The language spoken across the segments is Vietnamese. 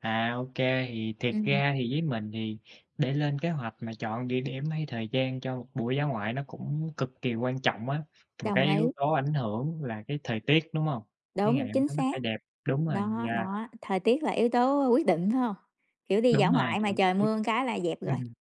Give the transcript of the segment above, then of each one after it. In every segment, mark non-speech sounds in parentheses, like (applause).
À, OK. Thì thiệt Ừm. ra thì với mình thì để lên kế hoạch mà chọn địa điểm hay thời gian cho một buổi dã ngoại nó cũng cực kỳ quan trọng á. Mà cái Đồng yếu ý. tố ảnh hưởng là cái thời tiết, đúng hông? Cái ngày Đúng, hôm chính đó nó xác. phải đẹp. Đúng rồi, Đó, yeah. đó, thời tiết là yếu tố quyết định, phải hông? Kiểu, đi dã Đúng rồi, ngoại mà đồng trời ý. mưa cái là dẹp rồi. Ừm.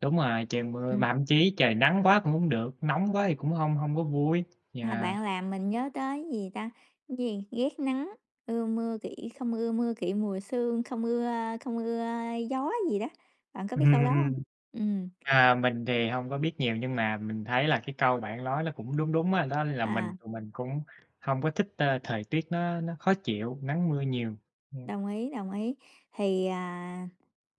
Đúng rồi, trời mưa, mà Ừm. thậm chí trời nắng quá cũng hông được, nóng quá thì cũng hông hông có vui, À, yeah. bạn làm mình nhớ tới, gì ta, gì, ghét nắng, ưa mưa, kỵ không ưa mưa, kỵ mùa sương, không ưa không ưa gió gì đó, bạn có Ừm, biết câu ừm, đó hông? ừm. Ừm. À, mình thì hông có biết nhiều, nhưng mà mình thấy là cái câu bạn lói nó cũng đúng đúng á, đó là mình À. tụi mình cũng hông có thích, ơ, thời tiết nó nó khó chịu, nắng mưa nhiều. Ừm. Đồng ý, đồng ý. Thì, à,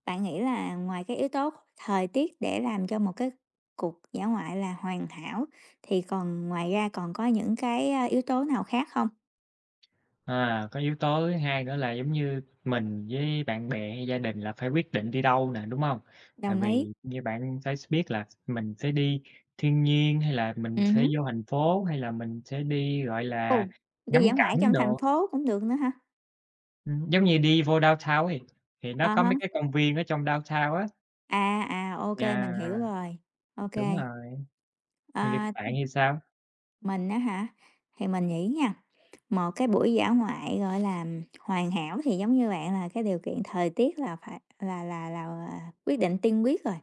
bạn nghĩ là ngoài cái yếu tố thời tiết để làm cho một cái cuộc dã ngoại là hoàn hảo, thì còn ngoài ra còn có những cái, a, yếu tố nào khác không? À, có yếu tố thứ hai nữa là giống như mình với bạn bè hay gia đình là phải quyết định đi đâu nè, đúng hông? Tại Đồng ý. vì như bạn phải s biết là mình sẽ đi thiên nhiên, hay là mình Ừm sẽ hứm. vô thành phố, hay là mình sẽ đi, gọi Ồ! là, Đi ngắm dã ngoại ở cảnh trong thành đồ. phố cũng được nữa hả? Ừm, giống như đi vô downtown ấy thì thì nó À có mấy há. cái công viên ở trong downtown á. À, à, ô kê, Yeah. mình hiểu rồi. Ô Đúng kê. rồi. (unintelligible) À bạn (unintelligible) thì sao? Mình á hả? Thì mình nghĩ nha, một cái buổi dã ngoại, gọi là, hoàn hảo thì giống như bạn là cái điều kiện thời tiết là phải là là là, ờ, quyết định tiên quyết rồi.